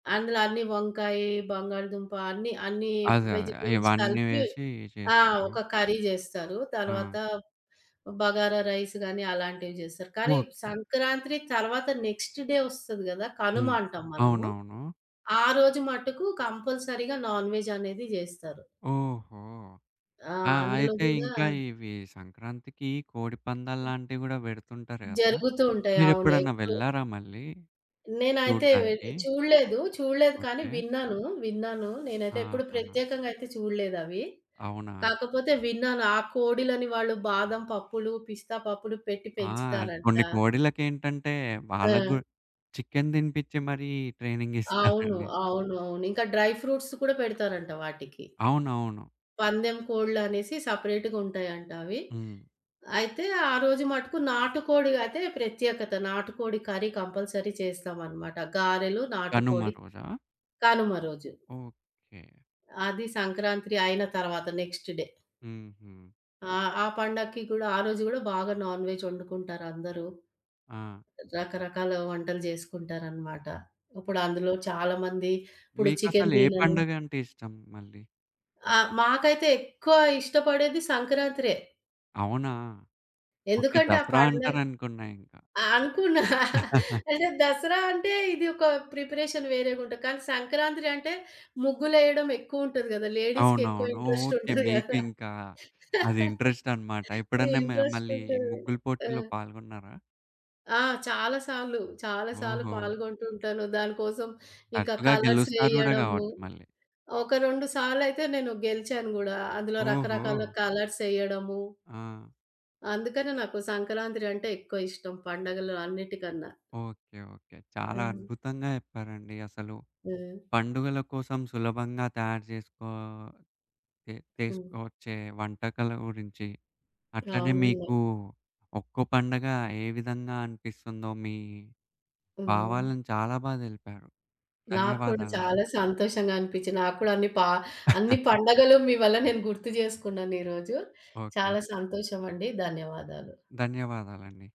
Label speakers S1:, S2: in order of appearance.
S1: అందులో అన్నీ వంకాయి, బంగాళదుంప అన్నీ అన్నీ
S2: అదే అదే
S1: వెజిటబుల్స్
S2: ఇవన్నీ
S1: కలిపి
S2: వేసి
S1: ఆహ్,
S2: చేస్తారు.
S1: ఒక కర్రీ జేస్తారు. తర్వాత
S2: ఆ!
S1: బగారా రైస్ గాని అలాంటివి జేస్తారు. కానీ
S2: ఓకే.
S1: సంక్రాంత్రీ తర్వాత నెక్స్ట్ డే ఒస్తది గదా! కనుమ
S2: హ్మ్.
S1: అంటాం మనము.
S2: అవునవును.
S1: ఆ రోజు మట్టుకు కంపల్సరీగా నాన్వెజనేది జేస్తారు.
S2: ఓహో!
S1: ఆ!
S2: ఆ!
S1: అందులో
S2: అయితే
S1: గూడా
S2: ఇంకా ఇవి సంక్రాంతికి కోడిపందాల్లాంటివి గూడా బెడుతుంటారు కదా!
S1: జరుగుతూ ఉంటాయి. అవును.
S2: మీరెప్పుడైనా
S1: ఎక్కువ
S2: వెళ్లారా మళ్ళీ
S1: నేనైతే వెలి
S2: చూడ్డానికి?
S1: చూడలేదు చూడలేదు. కానీ
S2: ఓకే.
S1: విన్నాను విన్నాను. నేనైతే ఎప్పుడు
S2: ఆహా!
S1: ప్రత్యేకంగా అయితే చూడలేదవి.
S2: అవునా!
S1: కాకపోతే విన్నాను ఆ కోడిలని వాళ్ళు బాదం పప్పులు, పిస్తా పప్పులు పెట్టి
S2: ఆ!
S1: పెంచుతారంట.
S2: కొన్ని కోడిలకేంటంటే వాళ్ళకి గూ
S1: ఆ!
S2: చికెన్ దినిపిచ్చి మరీ ట్రైనింగ్
S1: అవును.
S2: ఇస్తారండి.
S1: అవును అవును. ఇంకా డ్రై ఫ్రూట్స్ కూడా పెడతారంట వాటికి.
S2: అవునవును.
S1: పందెం కోడలనేసి సెపరేట్‌గా ఉంటాయంట అవి.
S2: హ్మ్.
S1: అయితే ఆ రోజు మటుకు నాటుకోడి అయితే ప్రత్యేకత. నాటుకోడి కర్రీ కంపల్సరీ చేస్తామనమాట. గారెలు, నాటుకోడి
S2: కనుమరోజా?
S1: కనుమ రోజు.
S2: ఓకే.
S1: ఆది సంక్రాంత్రీ అయిన తర్వాత నెక్స్ట్ డే.
S2: హుహు.
S1: ఆ! ఆ పండక్కి కూడా ఆ రోజు గూడా బాగా నాన్‌వెజ్ వండుకుంటారందరూ.
S2: ఆహ్!
S1: రకరకాల వంటలు జేసుకుంటారనమాట. ఇప్పుడు
S2: ఓకె.
S1: అందులో చాలామంది ఇప్పుడు చికెన్
S2: మీకసలు ఏ
S1: తినను
S2: పండుగంటే ఇష్టం మళ్ళీ?
S1: ఆ! మాకైతే ఎక్కువ ఇష్టపడేది సంక్రాంత్రే.
S2: అవునా? ఓకే
S1: ఎందుకంటే ఆ
S2: దసరా
S1: పండగ
S2: అంటారనుకు‌న్న ఇంక.
S1: ఆ! అనుకున్న అంటే దసరా అంటే ఇది ఒక ప్రిపరేషన్ వేరేగా ఉంటది. కానీ సంక్రాంత్రీ అంటే ముగ్గులేయడం ఎక్కువ ఉంటది గదా! లేడీస్‌కెక్కువ
S2: అవునవును.
S1: Interest
S2: okay.
S1: ఉంటది
S2: మీకు
S1: గదా!
S2: ఇంకా అది ఇంట్రెస్ట్ అనమాట. ఎప్పుడన్నా మ
S1: ఇంట్రెస్ట్
S2: మళ్ళీ
S1: ఉంటది.
S2: ముగ్గుల
S1: ఆ!
S2: పోటీల్లో పాల్గొన్నారా?
S1: ఆ! చాలా సార్లు. చాలా సార్లు
S2: ఓహో!
S1: పాల్గొంటూ ఉంటాను. దానికోసం ఇంకా
S2: తరచుగా
S1: కలర్స్
S2: గెలుస్తారు గూడా
S1: వేయడము
S2: గావచ్చు మళ్ళీ!
S1: ఒక 2 సార్లయితే నేను గెలిచాను గూడా అందులో రకరకాల
S2: ఓహో!
S1: కలర్సెయ్యడము
S2: ఆ!
S1: అందుకనే నాకు సంక్రాంత్రీ అంటే ఎక్కువ ఇష్టం పండగలు అన్నిటికన్నా.
S2: ఓకే. ఓకే. చాలా
S1: ఆ!
S2: అద్భుతంగా జెప్పారండి అసలు.
S1: ఆ!
S2: పండుగల కోసం సులభంగా తయారు జేసుకో చే
S1: హ్మ్.
S2: చేసుకొచ్చే వంటకాల గురించి అట్లనే
S1: అవునండి.
S2: మీకు ఒక్కొ పండగ ఏ విధంగా అనిపిస్తుందో మీ
S1: హ్మ్.
S2: భావాలను చాలా బా దెలిపారు
S1: నాకు కూడా
S2: ధన్యవాదాలండి.
S1: చాలా సంతోషంగా అనిపిచ్చి నాకు కూడా అన్ని ప అన్ని పండగలు మీ వల్ల నేను గుర్తు జేసుకున్నాను ఈ రోజు.
S2: ఓకే.
S1: చాలా సంతోషమండి ధన్యవాదాలు.
S2: ధన్యవాదాలండి.